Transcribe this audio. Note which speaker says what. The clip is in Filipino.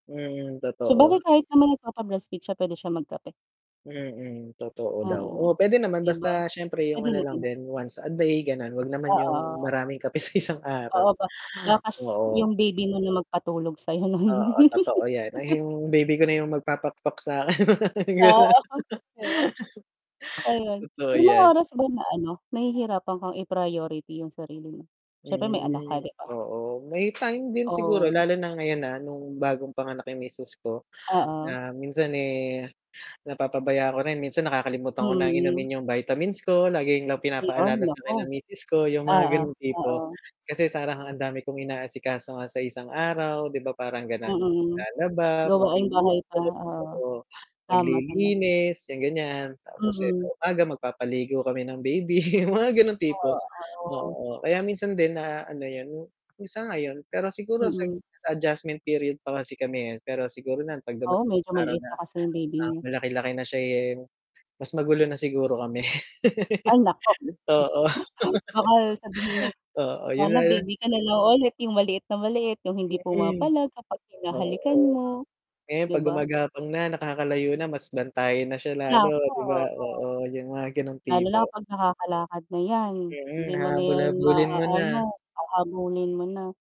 Speaker 1: Mm,
Speaker 2: Sabagay
Speaker 1: totoo.
Speaker 2: kahit naman nagpapa breastfeed siya puwede siya magkape.
Speaker 1: Mm, totoo daw,
Speaker 2: Oo,
Speaker 1: oo, puwede naman
Speaker 2: 'di ba,
Speaker 1: basta siyempre 'yung
Speaker 2: puwede
Speaker 1: ano lang
Speaker 2: naman.
Speaker 1: din once a day, gano'n, huwag naman 'yung
Speaker 2: Oo.
Speaker 1: maraming kape sa isang araw,
Speaker 2: Oo ba ba kas
Speaker 1: oo.
Speaker 2: 'yung baby mo na magpatulog sa'yo nun.
Speaker 1: Oo, totoo 'yan. Ay 'yung baby ko na 'yung magpapakpak sa'kin.
Speaker 2: Ah.
Speaker 1: Gano'n.
Speaker 2: 'Di ba, ayun.
Speaker 1: Totoo
Speaker 2: May mga
Speaker 1: 'yan.
Speaker 2: oras ba na ano, nahihirapan kang i-priority 'yung sarili mo? Siyempre may anak ka
Speaker 1: Hmm,
Speaker 2: 'di ba?
Speaker 1: oo may time din siguro
Speaker 2: Oh.
Speaker 1: lalo na ngayon na nung bagong panganak 'yung misis ko
Speaker 2: Oo.
Speaker 1: na minsan, eh, napapabayaan ko rin, minsan nakakalimutan ko ng
Speaker 2: Mm.
Speaker 1: inumin 'yung vitamins ko, laging lang
Speaker 2: Ayon,
Speaker 1: pinapaalala sa
Speaker 2: naku.
Speaker 1: akin ng misis ko, 'yung mga
Speaker 2: Oo,
Speaker 1: gano'ng
Speaker 2: oo.
Speaker 1: tipo. Kasi parang ang dami kong inaasikaso nga sa isang araw 'di ba parang gano'n.
Speaker 2: Mm.
Speaker 1: Maglalaba,
Speaker 2: Gawaing bahay
Speaker 1: magluluto,
Speaker 2: pa, oo.
Speaker 1: oo
Speaker 2: Tama, tama.
Speaker 1: maglilinis, 'yung ganiyan. Tapos, eh, sa
Speaker 2: Mm.
Speaker 1: umaga magpapaligo kami ng baby 'yung mga gano'ng
Speaker 2: Oh,
Speaker 1: tipo.
Speaker 2: oo.
Speaker 1: Oo, kaya minsan din na ano 'yun ngayon pero siguro sa
Speaker 2: Mm.
Speaker 1: adjustment period pa kasi kami, eh, pero siguro na 'pag
Speaker 2: Oo,
Speaker 1: dumating
Speaker 2: medyo
Speaker 1: 'yung araw
Speaker 2: maliit
Speaker 1: na,
Speaker 2: pa kasi 'yung baby
Speaker 1: ah,
Speaker 2: niyo.
Speaker 1: malaki-laki na siya, eh, mas magulo na siguro kami.
Speaker 2: Ay naku.
Speaker 1: Oo.
Speaker 2: Baka sabihin mo,
Speaker 1: Oo, 'yun
Speaker 2: sana
Speaker 1: na 'yun.
Speaker 2: baby ka na lang ulit, 'yung maliit na maliit, 'yung hindi
Speaker 1: Mm.
Speaker 2: pumapalag kapag hinahalikan
Speaker 1: Oo.
Speaker 2: mo,
Speaker 1: Ngayon,
Speaker 2: 'di
Speaker 1: 'pag
Speaker 2: ba?
Speaker 1: gumagapang na, nakakalayo na, mas bantayan na siya lalo
Speaker 2: Naku,
Speaker 1: 'di ba,
Speaker 2: oh.
Speaker 1: oo 'yung mga gano'ng
Speaker 2: Lalo
Speaker 1: tipo.
Speaker 2: na kapag nakakalakad na 'yan,
Speaker 1: Mm,
Speaker 2: hindi mo na
Speaker 1: hahabol
Speaker 2: 'yan
Speaker 1: habulin mo na.
Speaker 2: maaano, hahabulin mo na.